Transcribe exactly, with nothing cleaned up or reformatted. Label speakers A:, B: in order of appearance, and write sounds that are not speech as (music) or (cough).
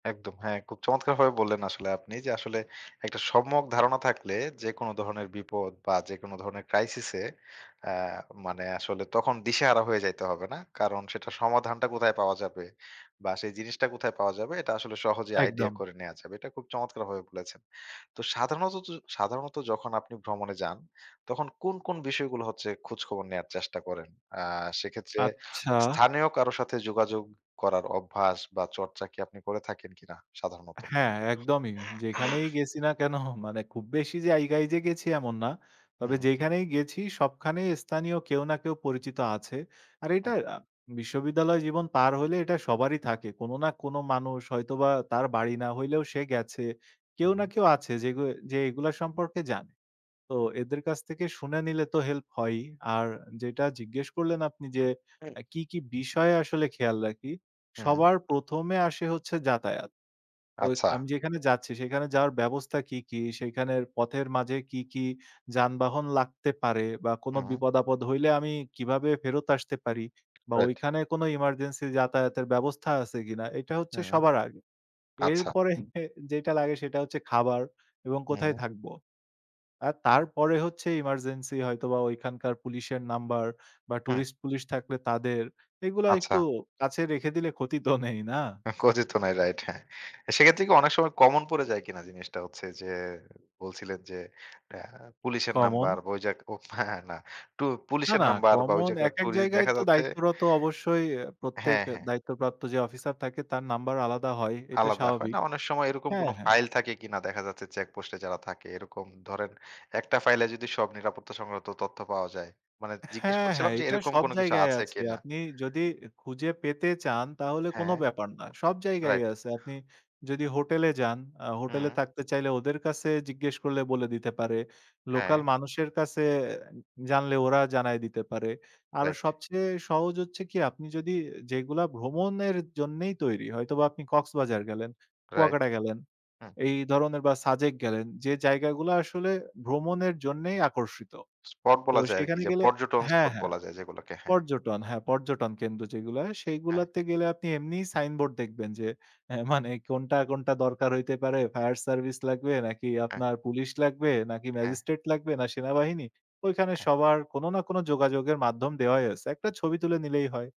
A: একদম। হ্যাঁ, খুব চমৎকারভাবে বললেন আসলে আপনি। যে আসলে একটা সম্যক ধারণা থাকলে যেকোনো ধরনের বিপদ বা যেকোনো ধরনের ক্রাইসিস এ অ্যা মানে আসলে তখন দিশাহারা হয়ে যাইতে হবে না। কারণ সেটা সমাধানটা কোথায় পাওয়া যাবে বা সেই জিনিসটা কোথায় পাওয়া যাবে এটা আসলে সহজেই আইডিয়া
B: একদম।
A: করে নেয়া যাবে। এটা খুব চমৎকার ভাবে বলেছেন। তো সাধাণতত সাধারণত যখন আপনি ভ্রমণে যান, তখন কোন কোন বিষয়গুলো হচ্ছে খোঁজখবর নেওয়ার চেষ্টা করেন? আ সেক্ষেত্রে
B: আচ্ছা।
A: স্থানীয় কারো সাথে যোগাযোগ করার অভ্যাস বা চর্চা কি আপনি করে থাকেন কিনা সাধারণত?
B: হ্যাঁ, একদমই। যেখানেই
A: (clears throat)
B: গেছি না কেনো মানে খুব বেশি জায়গায় যে গেছি এমন না। তবে
A: হুম।
B: যেইখানেই গেছি সবখানেই স্থানীয় কেউ না কেউ পরিচিত আছে। আর
A: হু।
B: এটা আ বিশ্ববিদ্যালয় জীবন পার হইলে এটা সবারই থাকে। কোনো না কোনো মানুষ হয়তোবা তার বাড়ি না হইলেও সে গেছে।
A: হু।
B: কেউ না কেউ আছে যেগু এ যে এগুলা সম্পর্কে জানে। তো এদের কাছ থেকে শুনে নিলে তো হেল্প হয়ই। আর যেইটা জিজ্ঞেস করলেন আপনি যে
A: হুম।
B: অ্যা কি, কি বিষয় আসলে খেয়াল রাখি?
A: হ্যাঁ।
B: সবার প্রথম এ আসে হচ্ছে যাতায়াত। ওই
A: আচ্ছা।
B: আমি যেখানে যাচ্ছি সেখানে যাওয়ার ব্যবস্থা কি, কি সেইখানের পথের মাঝে কি, কি যানবাহন লাগতে পারে বা কোনো
A: হুম।
B: বিপদ-আপদ হইলে আমি কিভাবে ফেরত আসতে পারি বা
A: রাইট।
B: ঐখানে কোনো এমার্জেন্সি যাতায়াতের ব্যবস্থা আছে কিনা, এইটা হচ্ছে
A: হুম।
B: সবার আগে।
A: আচ্ছা।
B: এরপরে (scoffs) যেটা লাগে সেটা হচ্ছে খাবার এবং কোথায়
A: হুম।
B: থাকব। আর তারপরে হচ্ছে এমার্জেন্সি হয়তোবা ওইখানকার পুলিশের নাম্বার বা
A: হু।
B: টুরিস্ট পুলিশ থাকলে তাদের, এইগুলা একটু
A: আচ্ছা।
B: কাছে রেখে দিলে ক্ষতি তো নেই না?
A: ক্ষতি তো নাই, রাইট হ্যাঁ। অ্যা সেক্ষেত্রে কি অনেক সময় কমন পড়ে যায় কিনা? জিনিসটা হচ্ছে যে বলছিলেন যে অ্যা পুলিশের
B: কমন।
A: নাম্বার বা ওইযে এক ও হ্যাঁ, হ্যাঁ না
B: না,
A: পুলিশের
B: না
A: নাম্বার বা ঐ
B: কমন
A: জায়গায়
B: একেক
A: টুরিস্ট
B: জায়গায়
A: দেখা
B: তো
A: যাচ্ছে
B: দায়িত্বরত অবশ্যই প্রত্যেক
A: হ্যাঁ, হ্যাঁ।
B: দায়িত্বপ্রাপ্ত যে অফিসার থাকে তার নাম্বার আলাদা হয়। এটা
A: আলাদা হয়।
B: স্বাভাবিক।
A: না, অনেক সময় এরকম
B: হ্যাঁ,
A: কোনো
B: হ্যাঁ।
A: ফাইল থাকে কিনা দেখা যাচ্ছে চেকপোস্টে যারা থাকে এরকম ধরেন একটা ফাইলে যদি সব নিরাপত্তা সংক্রান্ত তথ্য পাওয়া যায়। মানে জিজ্ঞেস
B: হ্যাঁ, হ্যাঁ
A: করছিলাম যে
B: এইটা
A: এরকম
B: সব
A: কোনো কিছু
B: জায়গায়
A: আছে
B: আছে।
A: কিনা?
B: আপনি যদি খুঁজে পেতে চান তাহলে কোনো
A: হ্যাঁ।
B: ব্যাপার না। সব জায়গায়ই
A: রাইট।
B: আছে। আপনি যদি হোটেলে যান, আ হোটেলে
A: হুম।
B: থাকতে চাইলে ওদের কাছে জিজ্ঞেস করলে বলে দিতে পারে। লোকাল
A: হ্যাঁ।
B: মানুষের কাছে জানলে ওরা জানায় দিতে পারে। আরো
A: রাইট।
B: সবচেয়ে সহজ হচ্ছে কি, আপনি যদি যেগুলা ভ্রমণের জন্যই তৈরি। হয়তোবা আপনি কক্সবাজার গেলেন,
A: রাইট।
B: কুয়াকাটা গেলেন,
A: হু।
B: এই ধরনের বা সাজেক গেলেন। যে জায়গা গুলা আসলে ভ্রমণের জন্যেই আকর্ষিত।
A: স্পট
B: তো
A: বলা যায় আরকি
B: সেখানে
A: যে
B: গেলে
A: পর্যটন
B: হ্যাঁ,
A: স্পট
B: হ্যাঁ
A: বলা যায় যেগুলোকে, হ্যাঁ।
B: পর্যটন হ্যাঁ, পর্যটন কেন্দ্র যেগুলো হয়,
A: হ্যাঁ।
B: সেইগুলাতে গেলে আপনি এমনি সাইনবোর্ড দেখবেন যে অ্যা মানে কোনটা, কোনটা দরকার হইতে পারে, ফায়ার সার্ভিস লাগবে নাকি
A: হ্যাঁ।
B: আপনার পুলিশ লাগবে নাকি
A: হ্যাঁ।
B: ম্যাজিস্ট্রেট লাগবে না সেনাবাহিনী। ওইখানে
A: হ্যাঁ।
B: সবার কোনো না কোনো যোগাযোগের মাধ্যম দেওয়াই আছে। একটা ছবি তুলে নিলেই হয়।